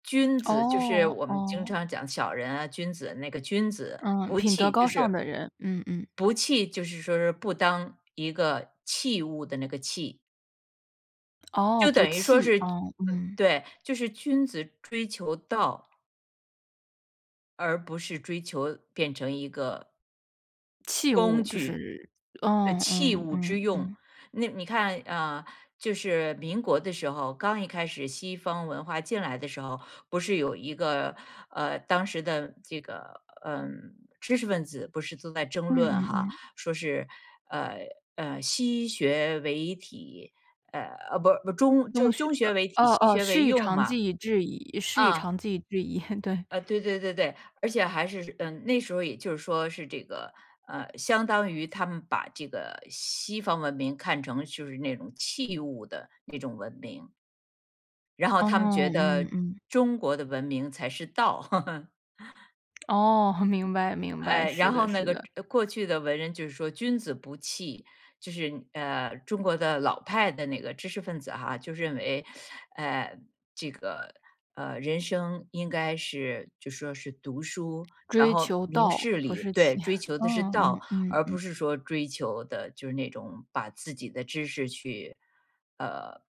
君子就是哦我们经哦。常讲小人啊君子，那个君子，嗯，不品德器就高尚是的人。嗯嗯。不器就是说说不当一个器物的那个器。哦，就不等于说器是哦，嗯。对，就是君子追求道而不是追求变成一个器工物就具。是呃嗯器嗯物嗯之用。嗯。那你看啊，就是民国的时候，刚一开始西方文化进来的时候，不是有一个，呃，当时的这个，嗯，知识分子不是都在争嗯论嗯哈，嗯。说是呃呃西学为体，呃，啊，不不，中中就学，中呃学为体，哦西哦，学“师为以用长嘛。技以制夷师以啊。长技以制夷”。对。呃，对对对对，而且还是，嗯，那时候也就是说是这个，呃相当于他们把这个西方文明看成就是那种器物的那种文明。然后哦，他们觉嗯得，嗯。中国的文明才是道。哦，明白明白，哎，是然的后那是个的。过去的文人就是说君子不器，就是，呃，中国的老派的那个知识分子哈，就认为，呃，这个，呃，人生应该是就说是读书，然追后求明道，事不理，是对，器，追 求的是嗯道，嗯嗯而不嗯。是说追求的就是那种把自己的知识去，呃